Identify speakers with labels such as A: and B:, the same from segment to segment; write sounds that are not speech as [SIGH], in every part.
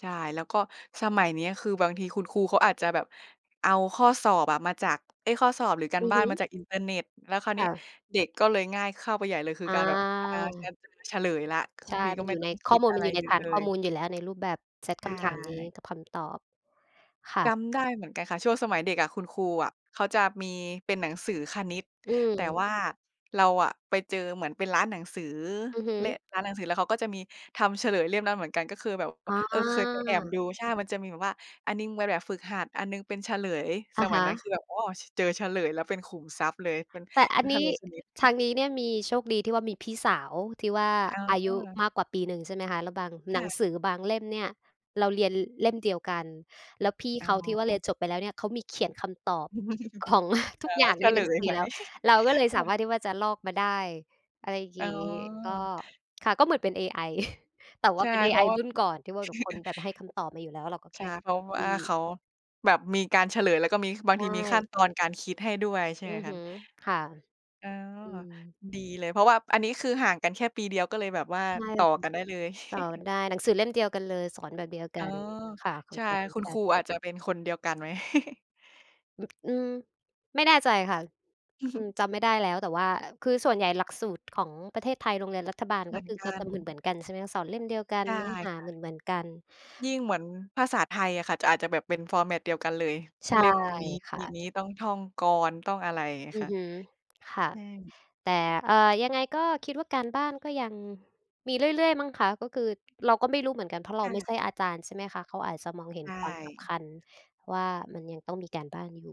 A: ใช่ แล้วก็สมัยเนี้ยคือบางทีคุณครูเขาอาจจะแบบเอาข้อสอบอะมาจาก เอ๊ย ข้อสอบ หรือกา
B: อ
A: ร
B: ือ
A: บ้า
B: ฮ
A: นม
B: ึ
A: าจากอินเทอร์เน็ต แล้วคราว
B: ค
A: นี
B: ่
A: ้
B: ะ
A: เด็กก็เลยง่ายเข้าไปใหญ่เลย คือ
B: อ
A: การแบบ อ่า ฉั
B: า
A: นจะเฉลยแล้ว คือ
B: ใช่
A: ที ก
B: ม
A: ็
B: ัน
A: ไ
B: อ
A: ม่
B: ยู่
A: ต้
B: ใ
A: อ
B: น
A: งค
B: ข้
A: ิ
B: อ
A: ด
B: มูล
A: อะ
B: ม
A: ไ
B: ั
A: ร
B: นอยู่ใ
A: เ
B: น
A: ยอ
B: ฐ
A: ะ
B: าน
A: เล
B: ข้อ
A: ย
B: มูลอยู่แล้ว ในรูปแบบเซต
A: ใช
B: คำถามนี้
A: ่
B: กับคำตอบ ค่
A: จ
B: ะ
A: ำได้เหมือนกันค่ะ ช่วงสมัยเด็กอะ คุณครูอะเขาจะมีเป็นหนังสือคณิต
B: อื
A: แต่
B: ม
A: ว่าเราอะไปเจอเหมือนเป็นร้านหนังสือ
B: อือฮ
A: และ
B: ึ
A: ร้านหนังสือ แล้วเขาก็จะมีทำเฉลยเล่มนั้นเหมือนกัน ก็คือแบบ
B: อ๋
A: อ เคยไปแอบ
B: อ
A: ดู ใช่ มันจะมีแบบว่า อันหนึ่งเป็นแบบฝึกหัด อันหนึ่งเป็นเฉลย
B: อ
A: ส
B: ะฮ
A: มัยนั้น
B: ะ
A: คือแบบ อ้อ ช เจอเฉลยแล้วเป็นขุมทรัพย์เลย เป็น
B: แต่อัน
A: เ
B: น
A: ฉ
B: ี้
A: ลยคณิ
B: ท
A: ต
B: างนี้เนี่ยมี โชคดีที่ว่ามีพี่สาวที่ว่า
A: อ๋
B: อายุ
A: อ
B: มากกว่าปีหนึ่ง ใช่ไหมคะ แล้วบาง
A: ค
B: หน
A: ่
B: ัง
A: ะ
B: สือบางเล่มเนี่ยเราเรียนเล่มเดียวกัน แล้วพี่
A: อ๋
B: เ
A: อ
B: ขาที่ว่าเรียนจบไปแล้วเนี่ยเขามีเขียนคำตอบของ [CHUCKLES]
A: [CHUCKLES]
B: ทุ
A: อ
B: กอย่
A: ๋
B: า
A: อ
B: ง
A: เ
B: ใ
A: ฉ
B: นห
A: ล
B: นังส
A: ย
B: ือ
A: ไว้
B: แล้ว
A: [CHUCKLES]
B: เราก็เลย
A: ค
B: ส
A: ่
B: าม
A: ะ
B: ารถที่ว่าจะลอกมาได้ อะไรอย่าง
A: อ
B: ง
A: ๋
B: ี้ ก็
A: อ
B: ค่ะ ก็เหมือนเป็น AI [CHUCKLES] แต่ว
A: ใ
B: ่
A: ช
B: า
A: ่
B: เป็น
A: เพรา
B: AI
A: ะว่า
B: ร
A: [CHUCKLES]
B: ุ่นก่อน ที่ว่าแบบคนแบบให้คำตอบมาอยู่แล้ว เราก็แ
A: ใ
B: ค
A: ช่
B: ่ก
A: เพราะ
B: ๊อบ
A: ว
B: ป
A: ่
B: ี
A: า
B: ้
A: เขาแบบมีการเฉลย แล้วก็มี บา
B: ใ
A: ง
B: ช
A: ทีมีขั้
B: ่
A: นตอนการคิดให้ด้วย ใช่
B: อื
A: ไหม
B: อ
A: ค
B: ฮ
A: ะ?
B: ึ ค่ะ
A: อ๋อ
B: อืม
A: ดีเลย เพราะว่า อันนี้คือห่างกันแค่ปีเดียว ก็เลยแบบว่า
B: ใช่
A: ต
B: แล
A: ่
B: ้
A: อ
B: วคือ
A: กันได้เลย
B: ต่อ
A: [CHUCKLES]
B: ได้ หนังสือเล่มเดียวกันเลย สอนแบบเดียวก
A: อ๋
B: ั
A: อ
B: น ค่ะ ค
A: ใช
B: น
A: ่
B: สอนเดีย
A: ค
B: ว
A: ุณ
B: กั
A: ค
B: น
A: รูอาจจะเป็นคนเดียวกันไหม? [CHUCKLES]
B: อ อืม ไม่แน่ใจค่ะ อือ
A: [CHUCKLES]
B: จำไม่ได้แล้ว แต่ว่าคือส่วนใหญ่หลักสูตรของประเทศไทย โรงเรียนรัฐบาล
A: เห
B: ก
A: ม
B: ็
A: ือน
B: คือ
A: ก
B: เข
A: ั
B: าจ
A: น
B: ะเหมือน ๆ กัน ใช่ไหม สอนเล่มเดียวกั
A: ใ
B: น
A: ช่
B: เนื้อหา
A: ค่
B: เห
A: ะ
B: มือน ๆ กัน
A: ยิ่งเหมือนภาษาไทยอะค่ะ จะ อาจจะแบบเป็น format เดียวกันเลย
B: ใช่
A: เล่มนี้
B: ค
A: ป
B: ่
A: ี
B: ะ
A: นี้ ต้องท่องกลอน ต้องอะไร อย่างเงี้ย
B: อื
A: ค
B: อ
A: ่ะ
B: ฮึ ค่
A: ใ
B: ะ
A: ช่
B: แต่ เอ่อ ยังไงก็คิดว่าการบ้านก็ยังมีเรื่อย ๆ มั้งคะ ก็คือเราก็ไม่รู้เหมือนกัน เพราะเรา
A: ค่
B: ไม่ใช่
A: ะ
B: อาจารย์ ใช่ไหมคะ เขาอาจจะมองเห็
A: ใช
B: น
A: ่
B: ความสำคัญว่ามันยังต้องมีการบ้านอยู่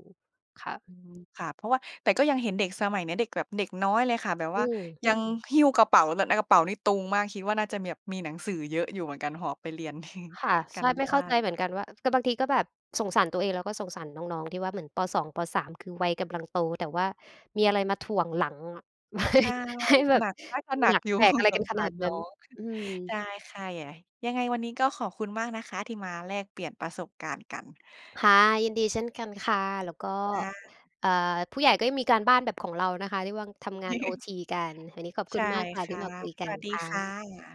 B: ค่ะ
A: อือ ค่ะ เพราะว่า แต่ก็ยังเห็นเด็กสมัยเนี้ย เด็กแบบเด็กน้อยเลยค่ะ แบบ
B: อ
A: ว
B: ื
A: ่า
B: ม
A: ยังหิ้วกระเป๋า แบบในกระเป๋านี่ตุงมาก คิดว่าน่าจะมีแบบ มีหนังสือเยอะอยู่เหมือนกัน หอบไปเรียนกัน
B: ค่ะ
A: [CHUCKLES] ก
B: ใ
A: า
B: ช่
A: ร
B: ไ
A: บ
B: ม่
A: ้า
B: เข้าใจ
A: น
B: เหมือนกันว่า แต่บางทีก็แบบสงสารตัวเอง แล้วก็สงสารน้อง ๆ ที่ว่า เหมือน ป.2 ป.3 คือวัยกำลังโต แต่ว่ามีอะไรมาถ่วงหลังอะ ให
A: ใ
B: ้
A: ช่
B: ให้แบ
A: หน
B: บ
A: ัก น่าจะหนั
B: หน
A: ก
B: ัก
A: อยู่
B: แบกอะไ
A: [CHUCKLES]
B: ร
A: ส
B: กั
A: ง
B: นข
A: สา
B: นา
A: ร
B: ด
A: น
B: น
A: ้
B: ั้
A: อ
B: น
A: ง
B: อืม
A: ได้ค่ะ อย่า ยังไงวันนี้ก็ขอบคุณมากนะคะที่มาแลกเปลี่ยนประสบการณ์กัน
B: ค่ะ ยินดีเช่นกันค่ะ แล้วก็
A: ได้
B: เอ่อ ผู้ใหญ่ก็ยังมีการบ้านแบบของเรานะคะ ที่ว่า'ทำงาน โอ
A: [CHUCKLES]
B: ที กัน อันนี้ขอบค
A: ใช
B: ุณ
A: ่
B: มากค่ะ
A: ค
B: ที่
A: ่ะ
B: มาคุยก
A: ส
B: ัน
A: วัสดี
B: ค่
A: ค่
B: ะ
A: ะ